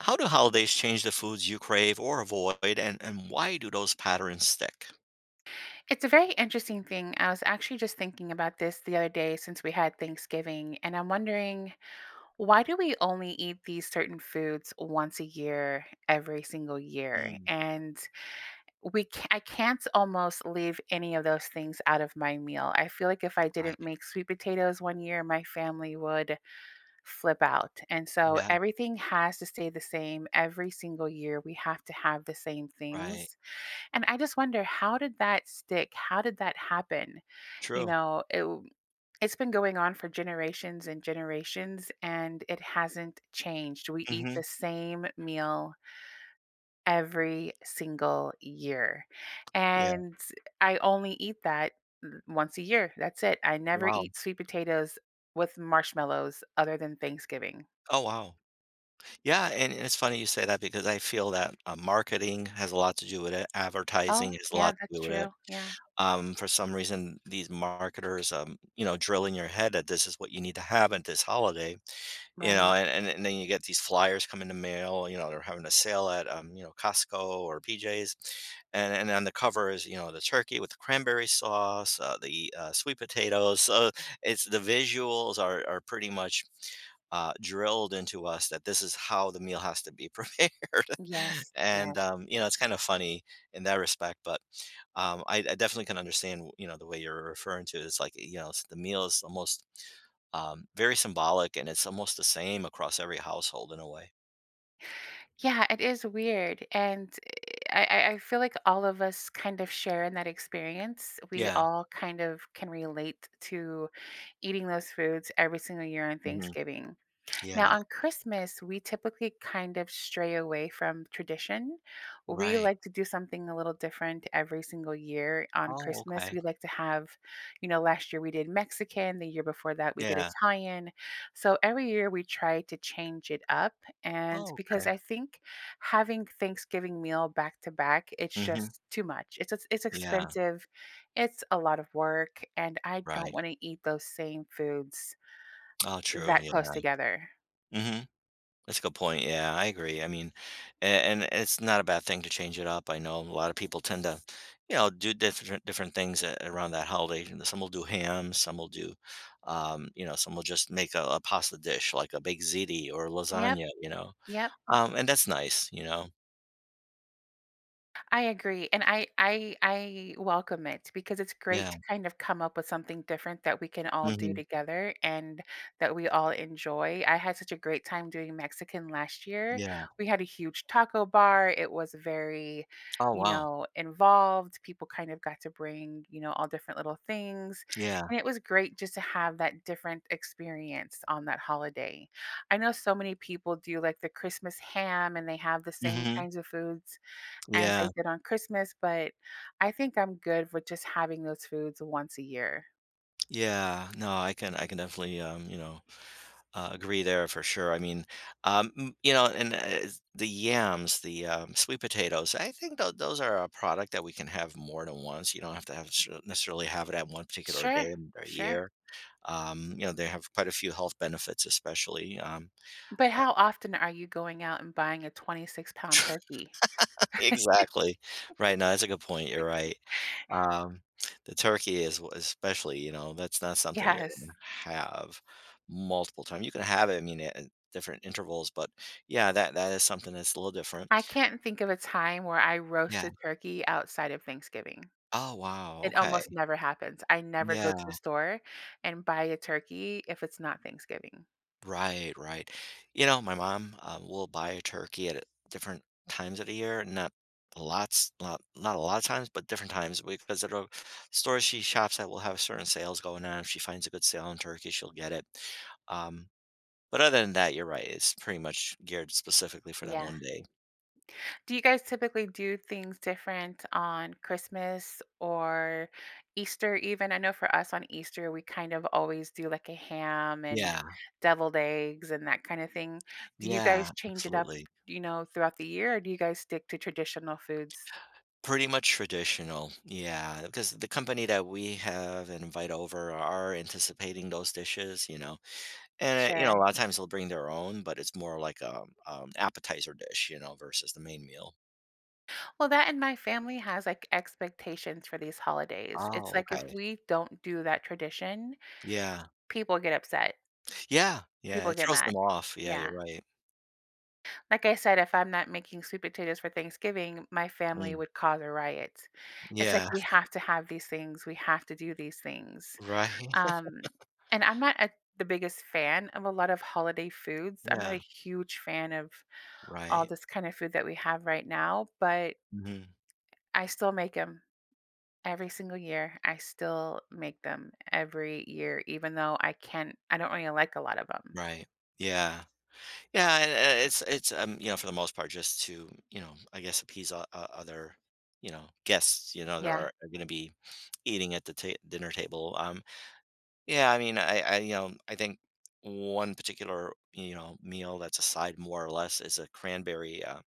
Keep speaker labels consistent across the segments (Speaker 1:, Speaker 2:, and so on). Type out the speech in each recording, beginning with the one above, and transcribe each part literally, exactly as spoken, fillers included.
Speaker 1: How do holidays change the foods you crave or avoid, and and why do those patterns stick?
Speaker 2: It's a very interesting thing. I was actually just thinking about this the other day since we had Thanksgiving, and I'm wondering why do we only eat these certain foods once a year, every single year?
Speaker 1: Mm.
Speaker 2: And we ca I can't almost leave any of those things out of my meal. I feel like if I didn't
Speaker 1: Right.
Speaker 2: make sweet potatoes one year, my family would flip out, and so,
Speaker 1: Yeah.
Speaker 2: everything has to stay the same. Every single year, we have to have the same
Speaker 1: Right.
Speaker 2: things, and I just wonder, how did that stick? How did that happen? You
Speaker 1: True.
Speaker 2: know, it w it's been going on for generations and generations, and it hasn't changed. We eat the
Speaker 1: Mhm.
Speaker 2: same meal every single year,
Speaker 1: Yeah.
Speaker 2: and, eh I only eat that th once a year, that's it. I never
Speaker 1: Wow.
Speaker 2: eat sweet potatoes with marshmallows other than Thanksgiving.
Speaker 1: Oh, wow. Yeah, and and it's funny you say that because I feel that, uh, marketing has a lot to do with it. Advertising
Speaker 2: Oh,
Speaker 1: has a
Speaker 2: yeah,
Speaker 1: lot to
Speaker 2: that's
Speaker 1: do with it.
Speaker 2: true. Yeah.
Speaker 1: Um, for some reason, these marketers, um, you know, drill in your head that this is what you need to have at this holiday, ya know?
Speaker 2: Right.
Speaker 1: And and and then you get these flyers come in the mail, you know, they're having a sale at, um, you know, Costco or PJ's, and and then the cover is, you know, the turkey with the cranberry sauce, uh, the, uh, sweet potatoes. So it's the visuals are are pretty much, uh, drilled into us that this is how the meal has to be prepared,
Speaker 2: Yes,
Speaker 1: and,
Speaker 2: yes.
Speaker 1: um, you know, it's kinda funny in that respect, but, um, I I definitely can understand w you know, the way you're referring to. It's like, you know, the meal is almost, um, very symbolic, and it's almost the same across every household in a way.
Speaker 2: Yeah, it is weird. And i I I feel like all of us kind of share in that experience. We
Speaker 1: Yeah.
Speaker 2: all kind of can relate to eating those foods every single year on
Speaker 1: Mhm.
Speaker 2: Thanksgiving. Now,
Speaker 1: Yeah.
Speaker 2: on Christmas, we typically kind of stray away from tradition. We
Speaker 1: Right.
Speaker 2: like to do something a little different every single year on
Speaker 1: Oh,
Speaker 2: Christmas.
Speaker 1: okay.
Speaker 2: We like to have you know, last year we did Mexican, the year before that, we did
Speaker 1: Yeah.
Speaker 2: Italian. So, every year we try to change it up. And
Speaker 1: Oh,
Speaker 2: because
Speaker 1: okay.
Speaker 2: I think having Thanksgiving meal back-to-back, it's
Speaker 1: Mhm.
Speaker 2: just too much. It's eh it's
Speaker 1: Yeah.
Speaker 2: expensive. It's a lot of work, and I don't
Speaker 1: Right.
Speaker 2: wanna eat those same foods
Speaker 1: All true.
Speaker 2: that close
Speaker 1: Yeah.
Speaker 2: together.
Speaker 1: Mhm. That's a good point, yeah, I agree. I mean a and it's not a bad thing to change it up. I know a lotta people tend to, you know, do differen different things eh around the holiday. And then some will do ham, some will do, um you know, some will just make a a pasta dish like a baked ziti or
Speaker 2: Yep.
Speaker 1: lasagna, you know?
Speaker 2: Yep. Mm.
Speaker 1: Um, and that's nice, you know?
Speaker 2: I agree, and I I I welcome it, because it's great
Speaker 1: Yeah.
Speaker 2: to kind of come up with something different that we can all do
Speaker 1: Mhm.
Speaker 2: together, and that we all enjoy. I had such a great time doing Mexican last year.
Speaker 1: Yeah.
Speaker 2: We had a huge taco bar, it was very,
Speaker 1: Oh,
Speaker 2: you
Speaker 1: wow.
Speaker 2: know, involved, people, kind of, got to bring, you know, all different little things,
Speaker 1: Yeah.
Speaker 2: and it was great just to have that different experience, on that holiday. I know so many people do, like, the Christmas ham, and they have the same
Speaker 1: Mhm.
Speaker 2: kinds of foods as
Speaker 1: Yeah.
Speaker 2: they did on Christmas, but I think I'm good with just having those foods once a year.
Speaker 1: Yeah. No, I can I can definitely, um, you know, uh, agree there for sure. I mean, uh, m you know, and it is the yams, the, um, sweet potatoes, I think that those are a product that we can have more than once. You don't have to have a shu necessarily have it at one particular day
Speaker 2: Sure.
Speaker 1: in the
Speaker 2: Sure.
Speaker 1: year. Um, you know, they have quite a few health benefits, especially, um,
Speaker 2: But
Speaker 1: uh
Speaker 2: how often are you going out and buying a twenty-six-pound turkey?
Speaker 1: Exactly. Right, no, that's a good point, you're right. Um, the turkey is w especially, you know, that's not something you're gonna
Speaker 2: Yes.
Speaker 1: have multiple times. You can have it, I mean, at different intervals, but, yeah, that that is something that's a little different.
Speaker 2: I can't think of a time where I
Speaker 1: Yeah.
Speaker 2: roasted turkey outside of Thanksgiving.
Speaker 1: Ah, wow,
Speaker 2: It
Speaker 1: okay.
Speaker 2: almost never happens; I never go
Speaker 1: Yeah.
Speaker 2: to the store and buy a turkey if it's not Thanksgiving.
Speaker 1: Right, right. You know, my mom, uh, will buy a turkey at different times of the year, not lots not not a lot of times, but different times. We've visited a store she shops at will have certain sales going on, if she finds a good sale on turkey, she'll get it. Um, but other than that, you're right. It's pretty much geared specifically for that
Speaker 2: Yeah.
Speaker 1: one day.
Speaker 2: Do you guys typically do things different on Christmas or Easter even? I know for us on Easter, we kind of always do, like, a ham and
Speaker 1: Yeah.
Speaker 2: deviled eggs and that kind of thing. Do you
Speaker 1: Yeah.
Speaker 2: guys change it up,
Speaker 1: Absolutely.
Speaker 2: you know, throughout the year, or do you guys stick to traditional foods?
Speaker 1: Pretty much traditional. Yeah, 'cause the company that we have and invite over are anticipating those dishes, you know? And, eh, you know, a
Speaker 2: Sure.
Speaker 1: lot of times, they'll bring their own, but it's more like a, um um, appetizer dish, you know, versus the main meal.
Speaker 2: Well, that and my family has, like, expectations for these holidays. It's
Speaker 1: Oh,
Speaker 2: like if
Speaker 1: okay.
Speaker 2: we don't do that tradition,
Speaker 1: Yeah.
Speaker 2: people get upset.
Speaker 1: Yeah, yeah.
Speaker 2: People
Speaker 1: It
Speaker 2: get
Speaker 1: throws them
Speaker 2: mad.
Speaker 1: off. Yeah, you're
Speaker 2: Yeah.
Speaker 1: right.
Speaker 2: Like I said, if I'm not making sweet potatoes for Thanksgiving, my family
Speaker 1: Mm.
Speaker 2: would cause a riot. It's like
Speaker 1: Yeah.
Speaker 2: we have to have these things. We have to do these things.
Speaker 1: Right.
Speaker 2: Um, and I'm not, e the biggest fan of a lot of holiday foods. I'm not a
Speaker 1: Yeah.
Speaker 2: huge fan of all
Speaker 1: Right.
Speaker 2: this kind of food that we have right now, but
Speaker 1: Mhm.
Speaker 2: I still make 'em every single year. I still make them every year, even though I can't I don't really like a lot of 'em.
Speaker 1: Right. Yeah. Yeah, and and it's it's, um, you know, for the most part just to, you know, I guess, appease o o other, you know, guests, you know, that are
Speaker 2: Yeah.
Speaker 1: are gonna be eating at the ta dinner table. Um, yeah. I mean, I I, um, I think one particular, you know, meal that's a side more or less is a cranberry, uh,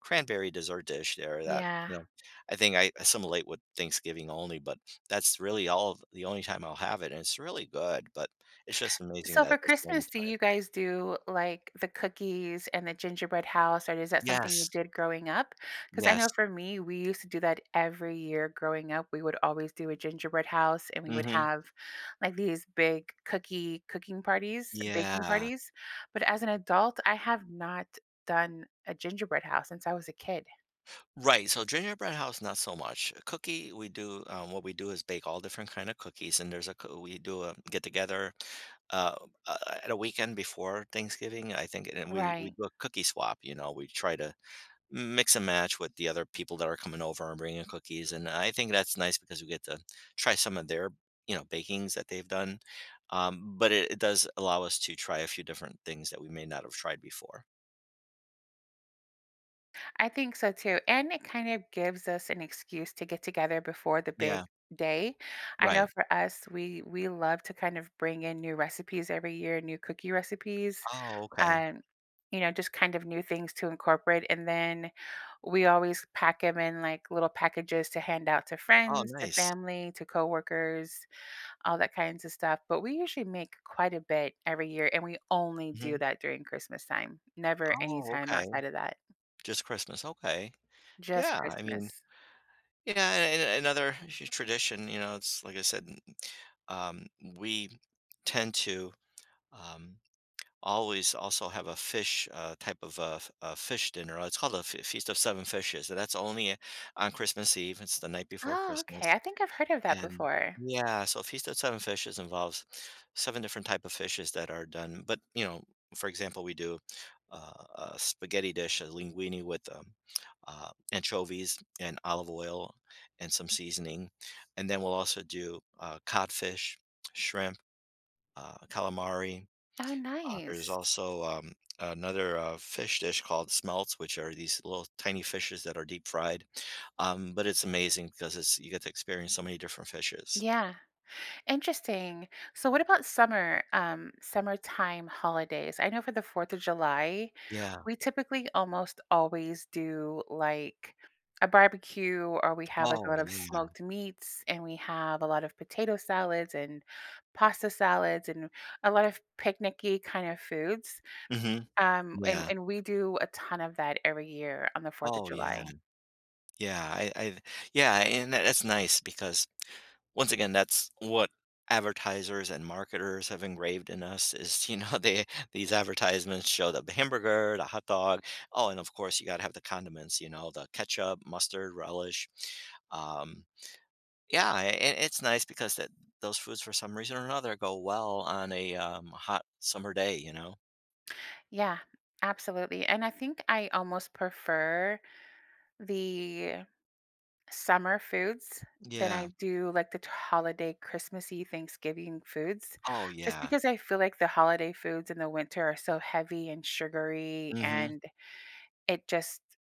Speaker 1: cranberry dessert dish there that,
Speaker 2: Yeah.
Speaker 1: you know, I think I assimilate with Thanksgiving only, but that's really all the only time I'll have it. And it's really good, but it's just amazing
Speaker 2: So,
Speaker 1: that
Speaker 2: for
Speaker 1: that's the only
Speaker 2: Christmas, do
Speaker 1: time
Speaker 2: you guys do, like, the cookies and the gingerbread house, or is that something you
Speaker 1: Yes.
Speaker 2: did growing up? 'Cause I
Speaker 1: Yes.
Speaker 2: know for me, we used to do that every year growing up. We would always do a gingerbread house, and we would
Speaker 1: Mhm.
Speaker 2: have, like, these big cookie cooking parties, baking
Speaker 1: Yeah.
Speaker 2: parties. But as an adult, I have not done a gingerbread house since I was a kid.
Speaker 1: Right so, gingerbread house, not so much. Cookie, we do uh, what we do is bake all different kinda cookies, and there's a c uh, we do a get-together, uh, uh, at a weekend before Thanksgiving, I think, and we we
Speaker 2: Right.
Speaker 1: do a cookie swap, you know? We try to m mix and match with the other people that are coming over and bringing cookies, and I think that's nice 'cause we get to try some of their, you know, bakings that they've done. Um, but it it does allow us to try a few different things that we may not have tried before.
Speaker 2: I think so too, and it kind of gives us an excuse to get together before the
Speaker 1: Yeah.
Speaker 2: big day. I know
Speaker 1: Right.
Speaker 2: for us, we we love to kind of bring in new recipes every year, new cookie recipes,
Speaker 1: Oh, okay.
Speaker 2: uh, you know, just kind of new things to incorporate, and then we always pack 'em in, like, little packages to hand out to
Speaker 1: Oh,
Speaker 2: friends, to
Speaker 1: nice.
Speaker 2: family, to coworkers, all that kinds of stuff, but we usually make quite a bit every year, and we only do
Speaker 1: Mhm.
Speaker 2: that during Christmastime. Never any
Speaker 1: Oh,
Speaker 2: time
Speaker 1: okay.
Speaker 2: outside of that.
Speaker 1: Just Christmas okay.
Speaker 2: Just
Speaker 1: Yeah, I mean
Speaker 2: Christmas.
Speaker 1: yeah, a a another tr tradition, you know, it's like I said, m m um, we tend to, um, always also have a fish, uh, type of, uh, a a f fish dinner it's called a F Feast of Seven Fishes, so, that's only on Christmas Eve, it's the night before
Speaker 2: Oh, okay.
Speaker 1: Christmas,
Speaker 2: I think I've heard of that
Speaker 1: and
Speaker 2: before.
Speaker 1: Yeah, so, Feast of Seven Fishes involves seven different type of fishes that are done but, you know, for example, we do a a spaghetti dish, a linguine with, um, uh, anchovies and olive oil and some seasoning, and then we'll also do, uh, codfish, shrimp, uh, calamari.
Speaker 2: Oh,
Speaker 1: Uh, there's
Speaker 2: nice.
Speaker 1: also, um, another, uh, fish dish called smelt, which are these little tiny fishes that are deep-fried, um, but it's amazing 'cause it's you get to experience so many different fishes.
Speaker 2: Yeah. Interesting. So, what about summer, um, summertime holidays? I know for the Fourth of July,
Speaker 1: Yeah.
Speaker 2: we typically almost always do, like, a barbecue or we have, like, a
Speaker 1: Oh,
Speaker 2: lot of
Speaker 1: yeah.
Speaker 2: smoked meats, and we have a lot of potato salads and pasta salads and a lot of picnicky kinda foods.
Speaker 1: Mhm.
Speaker 2: Um, and
Speaker 1: Yeah.
Speaker 2: and we do a ton of that every year on the Fourth of
Speaker 1: Oh, yeah.
Speaker 2: July.
Speaker 1: Yeah, I I yeah, and that that's nice because, once again, that's what advertisers and marketers have engraved in us is, you know, they these advertisements show that the hamburger, the hotdog, oh, and, of course, you gotta have the condiments, you know, the ketchup, mustard, relish. Um, yeah, and i it's nice because that those foods for some reason or another go well on a, um, hot summer day, you know?
Speaker 2: Yeah. Absolutely, and I think I almost prefer the summer foods than I
Speaker 1: Yeah.
Speaker 2: do, like, the t holiday, Christmassy, Thanksgiving foods
Speaker 1: Oh,
Speaker 2: just
Speaker 1: yeah.
Speaker 2: because I feel like the holiday foods in the winter are so heavy and sugary,
Speaker 1: Mhm.
Speaker 2: and it just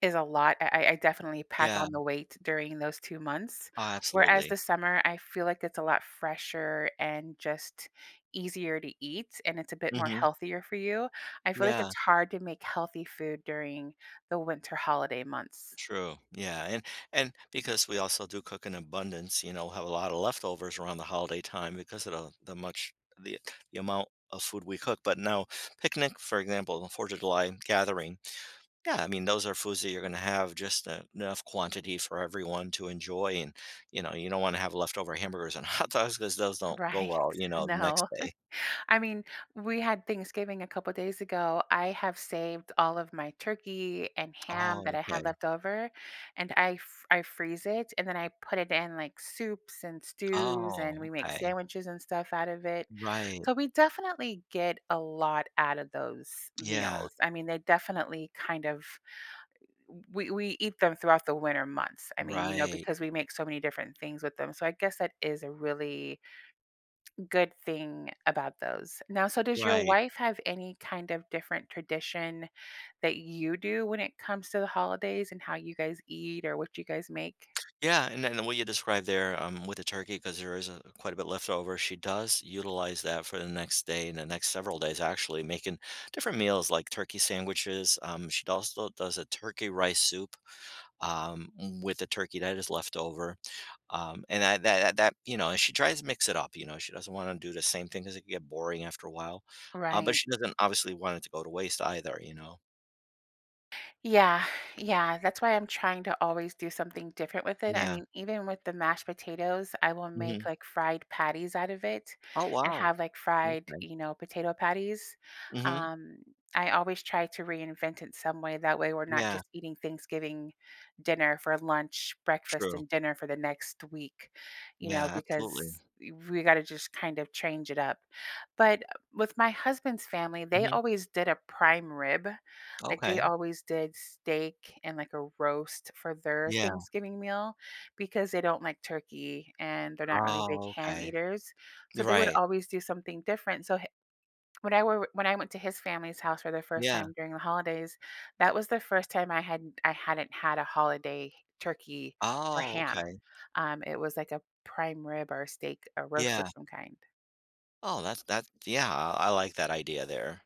Speaker 2: is a lot, I I definitely pack
Speaker 1: Yeah.
Speaker 2: on the weight during those two months.
Speaker 1: Oh,
Speaker 2: Whereas
Speaker 1: absolutely.
Speaker 2: the summer, I feel like it's a lot fresher and just easier to eat, and it's a bit more
Speaker 1: Mhm.
Speaker 2: healthier for you. I feel like
Speaker 1: Yeah.
Speaker 2: it's hard to make healthy food during the winter holiday months.
Speaker 1: True. Yeah, and and because we also do cook in abundance, you know, have a lot of leftovers around the holiday time because of th the much the the amount of food we cook. But now, picnic, for example, the fourth of July gathering, yeah, I mean, those are foods that you're gonna have just enough quantity for everyone to enjoy and, you know, you don't wanna have leftover hamburgers and hot dogs because those don't go
Speaker 2: Right.
Speaker 1: well, you know, the next
Speaker 2: No.
Speaker 1: day.
Speaker 2: I mean, we had Thanksgiving a couple days ago. I have saved all of my turkey and ham that
Speaker 1: Oh,
Speaker 2: I had
Speaker 1: okay.
Speaker 2: left over, and I fr I freeze it and then I put it in, like, soups and stews, and
Speaker 1: Oh,
Speaker 2: we make
Speaker 1: okay.
Speaker 2: sandwiches and stuff out of it.
Speaker 1: Right.
Speaker 2: So we definitely get a lot out of those
Speaker 1: Yeah.
Speaker 2: meals. I mean, they definitely kind of w we eat them throughout the winter months. I mean, you know,
Speaker 1: Right.
Speaker 2: because we make so many different things with them. So I guess that is a really good thing about those. Now, so, does your
Speaker 1: Right.
Speaker 2: wife have any kind of different tradition that you do when it comes to the holidays and how you guys eat or what you guys make?
Speaker 1: Yeah, and then what you described there, um, with the turkey- 'cause there is, uh, quite a bit leftover- she does utilize that for the next day and the next several days, actually, making different meals like turkey sandwiches, um, she also does a turkey rice soup, um, with the turkey that is leftover. Um, and that th that that you know, she tries to mix it up, you know, she doesn't wanna do the same thing 'cause it can get boring after a while. Uh, but
Speaker 2: Right.
Speaker 1: she doesn't obviously want it to go to waste either, you know?
Speaker 2: Yeah, yeah, that's why I'm trying to always do something different with it. I
Speaker 1: Yeah.
Speaker 2: mean, even with the mashed potatoes, I will make,
Speaker 1: Mhm.
Speaker 2: like, fried patties out of it
Speaker 1: Oh,
Speaker 2: and
Speaker 1: wow.
Speaker 2: have, like, fried,
Speaker 1: Okay.
Speaker 2: you know, potato patties.
Speaker 1: Mhm.
Speaker 2: Um, I always try to reinvent it some way, that way we're not
Speaker 1: Yeah.
Speaker 2: just eating Thanksgiving dinner for lunch, breakfast,
Speaker 1: True.
Speaker 2: and dinner for the next week, you know,
Speaker 1: Yeah, absolutely.
Speaker 2: because, e we gotta just kind of change it up, but with my husband's family, they
Speaker 1: Mhm.
Speaker 2: always did a prime rib. Like, they
Speaker 1: Okay.
Speaker 2: always did steak and, like, a roast for their
Speaker 1: Yeah.
Speaker 2: Thanksgiving meal because they don't like turkey, and they're not really big
Speaker 1: Oh,
Speaker 2: ham
Speaker 1: okay.
Speaker 2: eaters, so they would
Speaker 1: Right.
Speaker 2: always do something different, so h when I were when I went to his family's house for the first
Speaker 1: Yeah.
Speaker 2: time during the holidays, that was the first time I hadn't I hadn't had a holiday turkey or
Speaker 1: Oh,
Speaker 2: ham.
Speaker 1: okay.
Speaker 2: Um, it was like a prime rib or a steak, a roast of
Speaker 1: Yeah.
Speaker 2: some kind.
Speaker 1: Oh, that's that's yeah, I like that idea there.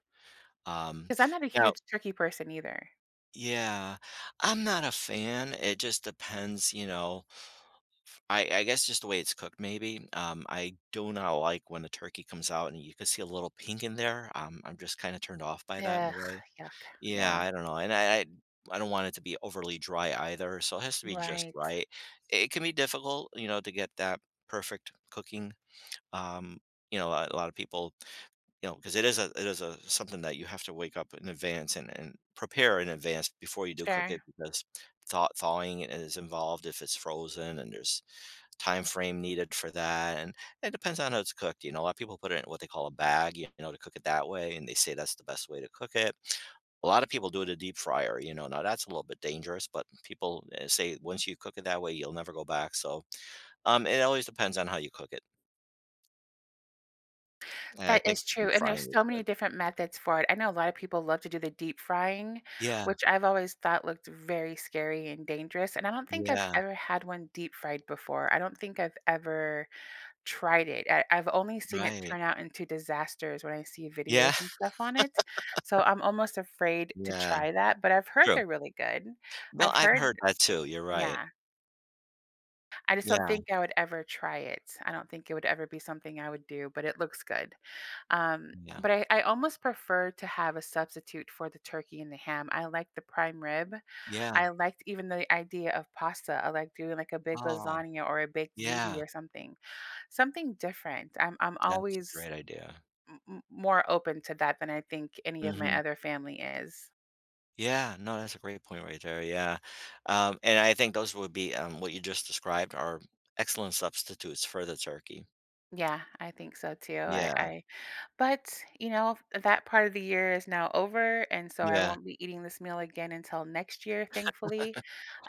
Speaker 1: Um,
Speaker 2: 'Cause I'm not a
Speaker 1: now
Speaker 2: huge turkey person either.
Speaker 1: Yeah, I'm not a fan. It just depends, you know, f I I guess just the way it's cooked maybe. Um, I do not like when the turkey comes out and you could see a little pink in there. Um, I'm just kinda turned off by that in a
Speaker 2: Ugh,
Speaker 1: way.
Speaker 2: yuck.
Speaker 1: Yeah,
Speaker 2: Yeah.
Speaker 1: I don't know, and I I I don't want it to be overly dry either, so it has to be just
Speaker 2: Right.
Speaker 1: right. It can be difficult, you know, to get that perfect cooking. Um, you know, uh, a lot of people you know, 'cause it is a it is a something that you have to wake up in advance and and prepare in advance before you do cook it
Speaker 2: Sure.
Speaker 1: because thaw thawing is involved if it's frozen and there's time frame needed for that, and it depends on how it's cooked, you know? Uh, people put it in what they call a bag, y you know, they cook it that way, and they say that's the best way to cook it. A lot of people do it in a deep fryer, you know? Now that's a little bit dangerous, but people, eh, say once you cook it that way, you'll never go back, so, um, it always depends on how you cook it. And I
Speaker 2: That
Speaker 1: think
Speaker 2: is true
Speaker 1: deep
Speaker 2: and
Speaker 1: frying
Speaker 2: there's so
Speaker 1: is good.
Speaker 2: many different methods for it. I know a lot of people love to do the deep frying,
Speaker 1: Yeah.
Speaker 2: which I've always thought looked very scary and dangerous, and I don't think I've
Speaker 1: Yeah.
Speaker 2: ever had one deep-fried before, I don't think I've ever tried it. I I've only seen it
Speaker 1: Right.
Speaker 2: turn out into disasters when I see
Speaker 1: Yeah.
Speaker 2: videos and stuff on it. So I'm almost afraid to
Speaker 1: Yeah.
Speaker 2: try that, but I've heard
Speaker 1: True.
Speaker 2: they're really good.
Speaker 1: No,
Speaker 2: I've
Speaker 1: I've
Speaker 2: heard
Speaker 1: heard that too, you're right.
Speaker 2: Yeah. I just don't
Speaker 1: Yeah.
Speaker 2: think I would ever try it. I don't think it would ever be something I would do, but it looks good, um,
Speaker 1: Yeah.
Speaker 2: but I I almost prefer to have a substitute for the turkey and the ham, I like the prime rib.
Speaker 1: Yeah.
Speaker 2: I liked even the idea of pasta. I like doing, like, a big
Speaker 1: Oh.
Speaker 2: lasagna or a baked ziti
Speaker 1: Yeah.
Speaker 2: or something. Something different. I'm I'm
Speaker 1: That's a
Speaker 2: always
Speaker 1: great idea.
Speaker 2: m m more open to that than I think any of my
Speaker 1: Mhm.
Speaker 2: other family is.
Speaker 1: Yeah. No, that's a great point right there, yeah. Um, and I think those would be, um, what you just described are excellent substitutes for the turkey.
Speaker 2: Yeah, I think so too. I
Speaker 1: Yeah.
Speaker 2: I but, you know, that part of the year is now over, and so I
Speaker 1: Yeah.
Speaker 2: won't be eating this meal again until next year, thankfully.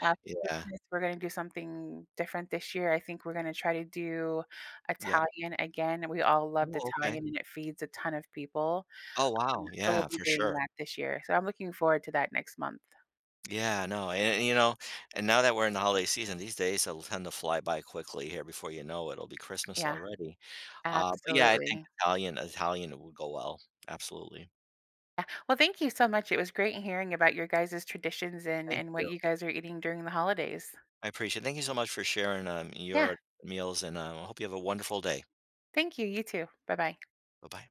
Speaker 2: Um, for
Speaker 1: Yeah.
Speaker 2: Christmas, we're gonna do something different this year. I think we're gonna try to do
Speaker 1: Yeah.
Speaker 2: Italian again. We all loved
Speaker 1: Oh, okay.
Speaker 2: Italian, and it feeds a ton of people.
Speaker 1: Oh,
Speaker 2: Um,
Speaker 1: wow.
Speaker 2: so we'll
Speaker 1: Yeah,
Speaker 2: be
Speaker 1: for
Speaker 2: doing
Speaker 1: sure.
Speaker 2: that this year. So I'm looking forward to that next month.
Speaker 1: Yeah, no, and and you know and now that we're in the holiday season, these days all tend to fly by quickly. Here before you know it'll be Christmas
Speaker 2: Yeah.
Speaker 1: already. Uh, but, yeah, I think
Speaker 2: Absolutely.
Speaker 1: Italian Italian would go well, absolutely.
Speaker 2: Yeah. Well, thank you so much, it was great hearing about your guys' traditions and
Speaker 1: Thank
Speaker 2: and what
Speaker 1: you.
Speaker 2: you guys are eating during the holidays.
Speaker 1: I appreciate it. Thank you so much for sharing, um,
Speaker 2: Yeah.
Speaker 1: your meals, and, um, I hope you have a wonderful day.
Speaker 2: Thank you, you too. Bye-bye.
Speaker 1: Buh-bye.